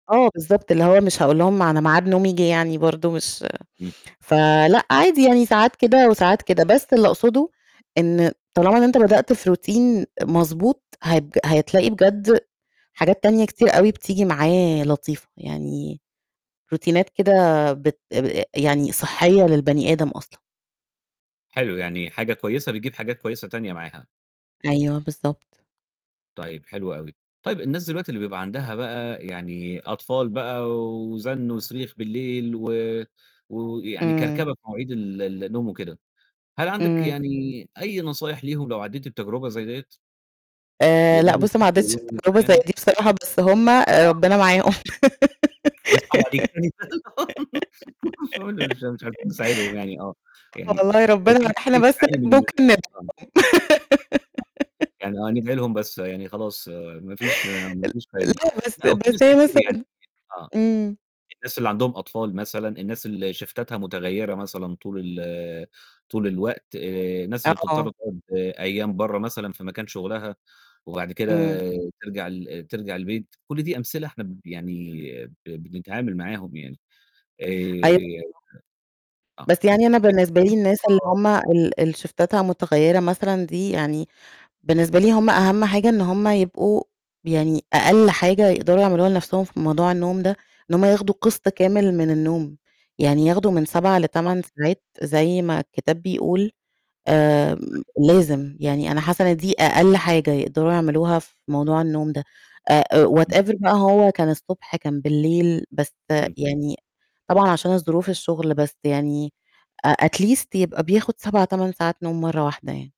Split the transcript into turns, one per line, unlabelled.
آه، بالضبط، اللي هو مش هاقول لهم م أنا ميعاد نومي جِه يعني برضه مش
إمم.
فلأ، عادي يعني ساعات كده وساعات كده، بس اللي أقصده إن طالما إن أنت بدأت في Routine مضبوط هت هتلاقي بجد حاجات تانية كتير أوي بتيجي معاه لطيفة، يعني روتينات كده بت آآ يعني صحيّة للبني آدم أصلًا.
حلو، يعني حاجة كويسة بتجيب حاجات كويسة تانية معاها.
أيوه، بالضبط.
طيب حلو أوي، طيب الناس دلوقتي اللي بيبقى عندها بقى يعني أطفال بقى وزَنّ وصريخ بالليل و ويعني
إمم.
كركبة في مواعيد ال ال النوم وكده، هل عندِك
إمم.
يعني أي نصايح ليهم لو عدّيتي بتجربة زي ديَّة؟
آآ، لأ
يقدروا
بُصّ ما عدّيتش
[unintelligible]
بتجربة زي
يعني.
دي بصراحة، بس هُم
آه.
ربنا معاهم.
ويصعبوا عليكِ [unintelligible] نساعدهم يعني آه، يعني
والله
لو في
ربنا
ناس
إحنا
كتير
بس
بتعاني من
ممكن ن
مشاكل [unintelligible] يعني آه ندعي لهم بس، يعني خلاص ما فيش
ل
ما فيش فايدة،
لا
لأ
بس
في
بس
ناس
هي
كتير يعني
مثلًا
[unintelligible] آه،
إمم.
الناس اللي عندهم أطفال مثلًا، الناس اللي شيفتاتها متغيّرة مثلًا طول ال طول الوقت، آآ، الناس اللي بتضطر
آه.
تقعد أيام برّه مثلًا في مكان شغلها، وبعد كده
إمم.
ترجع ل ترجع البيت، كُلّ دي أمثلة إحنا ب يعني ب بنتعامل معاهم يعني.
أيوه
آآ
بالضبط.
آه.
بس يعني أنا بالنسبة لي الناس اللي هُم
[unintelligible]
ال اللي شيفتاتها متغيّرة مثلًا دي، يعني بالنسبة لي هُم أهم حاجة إن هُم يبقوا يعني أقل حاجة يقدروا يعملوها لنفْسهم في موضوع النوم ده، إن هُم ياخدوا قِسْط كامل من النوم، يعني ياخدوا من 7
آه.
ل8 ساعات زي ما الكتاب بيقول، آمم
[unintelligible]
لازم، يعني أنا حاسّة إن دي أقل حاجة يقدروا يعملوها في موضوع النوم ده، آآ آآ
إمم.
whatever بقى هو كان الصبح كان بالليل، بس
إمم.
يعني طبعًا عشان الظروف الشغل بس يعني أ at least يبقى بياخد 7، 8 ساعات نوم مَرّه واحدة يعني.